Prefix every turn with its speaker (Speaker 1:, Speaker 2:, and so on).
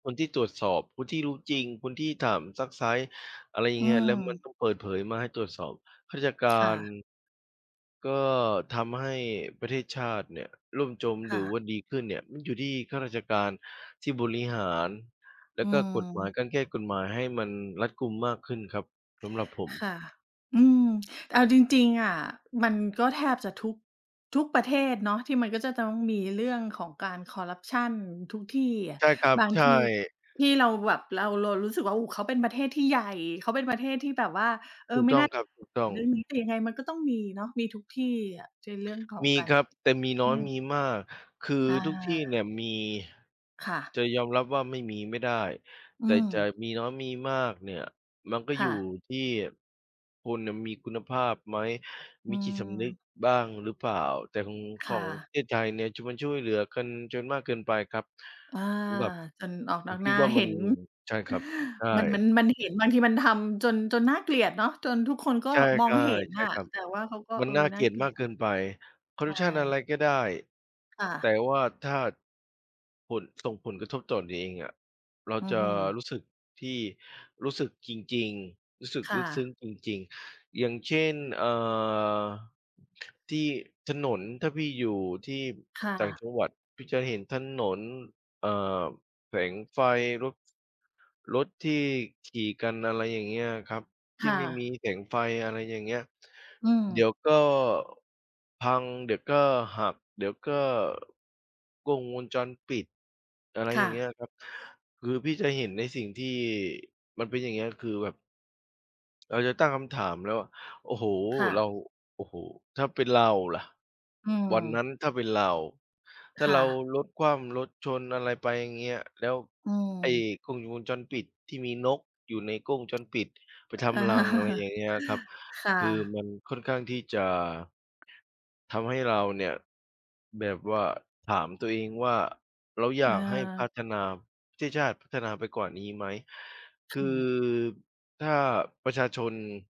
Speaker 1: คนที่ตรวจสอบ คนที่รู้จริง คนที่ถามซักไซ้ อะไรอย่า
Speaker 2: อ
Speaker 1: ง
Speaker 2: ื
Speaker 1: เงี้ย แล้วมัน
Speaker 2: ม
Speaker 1: ต้องเปิดเผยมาให้ตรวจสอบ ข้าราชกา
Speaker 2: ค่
Speaker 1: ร
Speaker 2: ะ
Speaker 1: ก็ทำให้ประเทศชาติเนี่ยล่มจม
Speaker 2: ค
Speaker 1: หร
Speaker 2: ่
Speaker 1: ือ
Speaker 2: ะ
Speaker 1: ว่าดีขึ้นเนี่ย มันอยู่ที่ข้าราชการที่บริหาร แล
Speaker 2: อ
Speaker 1: ้
Speaker 2: ื
Speaker 1: วก็กฎหมาย
Speaker 2: ม
Speaker 1: การแก้กฎหมายให้มันรัดกุมมากขึ้นครับ สำหรับผ
Speaker 2: ค
Speaker 1: ม
Speaker 2: ่ะ อืม เอาจริง ๆ อะ มันก็แทบจะทุก ทุกประเทศเนาะ ที่มันก็จะต้องมีเรื่องของการคอร์รัปชันทุกที่อะ
Speaker 1: ใช่ครับ
Speaker 2: บาง
Speaker 1: ใช
Speaker 2: ที
Speaker 1: ่
Speaker 2: ที่เราแบบ เรา เรารู้สึกว่า โอ้ เขาเป็นประเทศที่ใหญ่ เขาเป็นประเทศที่แบบว่า
Speaker 1: ถูกต้องครับ ถูกต
Speaker 2: เ
Speaker 1: ้
Speaker 2: อ่
Speaker 1: อ
Speaker 2: อ
Speaker 1: ง
Speaker 2: ไม่น่า เรื่องนี้ แต่ยังไงมันก็ต้องมีเนาะ มีทุกที่อะ ใช่ เรื่องของ
Speaker 1: มี
Speaker 2: การ
Speaker 1: ครับ แต่มีน
Speaker 2: อ
Speaker 1: ้
Speaker 2: ื
Speaker 1: อย
Speaker 2: อ
Speaker 1: มีมาก คือ
Speaker 2: อา
Speaker 1: ทุกที่เนี่ยมี
Speaker 2: ค่ะ
Speaker 1: จะยอมรับว่าไม่มีไม่ได้
Speaker 2: อื
Speaker 1: แต่จ
Speaker 2: ม
Speaker 1: ะมีน้อยมีมากเนี่ย มันก็
Speaker 2: ค
Speaker 1: อย
Speaker 2: ่
Speaker 1: ู่
Speaker 2: ะ
Speaker 1: ที่ คนเนี่ย มีคุณภาพไหม
Speaker 2: อ
Speaker 1: ม
Speaker 2: ื
Speaker 1: ีจิตสำนึก
Speaker 2: ม
Speaker 1: บ้างหรือเปล่า แต่ของ ข
Speaker 2: ค่
Speaker 1: องป
Speaker 2: ะ
Speaker 1: ระเทศไทยเนี่ย มันช่วยเหลือกันจนมากเกินไปครับ
Speaker 2: อา
Speaker 1: สำหรับ
Speaker 2: จนออก
Speaker 1: ผ
Speaker 2: นอ
Speaker 1: ม
Speaker 2: ก
Speaker 1: ค
Speaker 2: หน
Speaker 1: ิ
Speaker 2: ้
Speaker 1: ด
Speaker 2: า
Speaker 1: ว่า
Speaker 2: เ
Speaker 1: ม
Speaker 2: ห
Speaker 1: ั
Speaker 2: ็
Speaker 1: น
Speaker 2: น
Speaker 1: ใช่ครับ ใช
Speaker 2: มัน มั
Speaker 1: ่
Speaker 2: น มันเห็น บางทีมันทำจน จนน่าเกลียดเนาะ จนทุกคนก็
Speaker 1: ใช่
Speaker 2: มองเห็น
Speaker 1: ๆ ใช่
Speaker 2: อะ
Speaker 1: ครับ
Speaker 2: แต่ว่าเขาก็
Speaker 1: มั
Speaker 2: เอ
Speaker 1: น
Speaker 2: อ
Speaker 1: น่า
Speaker 2: น
Speaker 1: เ
Speaker 2: ่
Speaker 1: ก
Speaker 2: า
Speaker 1: ลีย
Speaker 2: เ
Speaker 1: ด
Speaker 2: กลี
Speaker 1: ม
Speaker 2: ยด
Speaker 1: ากเกินไป คอ
Speaker 2: ใ
Speaker 1: ร
Speaker 2: ช
Speaker 1: ์รัปชันอะไร
Speaker 2: ่
Speaker 1: ก็ได้
Speaker 2: ค่
Speaker 1: แต่
Speaker 2: ะ
Speaker 1: ว่า ถ้า ผล ส่งผลกระทบต่อตนเองอะ เรา
Speaker 2: อื้
Speaker 1: จ
Speaker 2: อ
Speaker 1: ะ
Speaker 2: ฮือ
Speaker 1: รู้สึกที่ รู้สึกจริง ๆ รู้สึก
Speaker 2: ค่
Speaker 1: ลึกซึ้ง
Speaker 2: ะ
Speaker 1: จริง ๆ อย่างเช่น เอ่อ ที่ถนน ถ้าพี่อยู่ที่
Speaker 2: ค่
Speaker 1: ต่าง
Speaker 2: ะ
Speaker 1: จังหวัด พี่จะเห็นถนน เอ่อ แสงไฟรถ รถที่ขี่กัน อะไรอย่างเงี้ยครับ ท
Speaker 2: ค
Speaker 1: ี่
Speaker 2: ่
Speaker 1: ไม่มี
Speaker 2: ะ
Speaker 1: แสงไฟ อะไรอย่างเงี้ย
Speaker 2: อื
Speaker 1: เดี๋ยว
Speaker 2: ม
Speaker 1: ก็พัง เดี๋ยวก็หัก เดี๋ยวก็ กล้องวงจรปิด อะไร
Speaker 2: ค
Speaker 1: อ
Speaker 2: ่
Speaker 1: ย่างเงี
Speaker 2: ะ
Speaker 1: ้ยครับ คือพี่จะเห็นในสิ่งที่ มันเป็น อย่างเงี้ย คือแบบ เราจะตั้งคำถามแล้วว่า โอ้โฮ
Speaker 2: ค่
Speaker 1: เรา
Speaker 2: ะ
Speaker 1: โอ้โฮ! ถ้าเป็นเราละ
Speaker 2: อื
Speaker 1: วันนั
Speaker 2: ม
Speaker 1: ้น ถ้าเป็นเรา ถ้า
Speaker 2: ค
Speaker 1: เ
Speaker 2: ่
Speaker 1: รา
Speaker 2: ะ
Speaker 1: รถคว่ำรถชน อะไรไปอย่างเงี้ย แล้ว
Speaker 2: อื
Speaker 1: ไอ้
Speaker 2: ม
Speaker 1: กล้องวงจรปิด ที่มีนกอยู่ในกล้องวงจรปิดไปท
Speaker 2: อา
Speaker 1: ำรัง อะไรอย่างเงี้ยครับ
Speaker 2: ค่
Speaker 1: คือ
Speaker 2: ะ
Speaker 1: มันค่อนข้างที่จะทำให้เราเนี่ยแบบว่า ถามตัวเองว่า เราอยากให้พั
Speaker 2: เออ
Speaker 1: ฒนา ประเทศชาติพัฒนาไปกว่านี้ไหม
Speaker 2: จ
Speaker 1: ค
Speaker 2: ริ
Speaker 1: ื
Speaker 2: ง
Speaker 1: อ
Speaker 2: เหรอ
Speaker 1: ถ้าประชาชน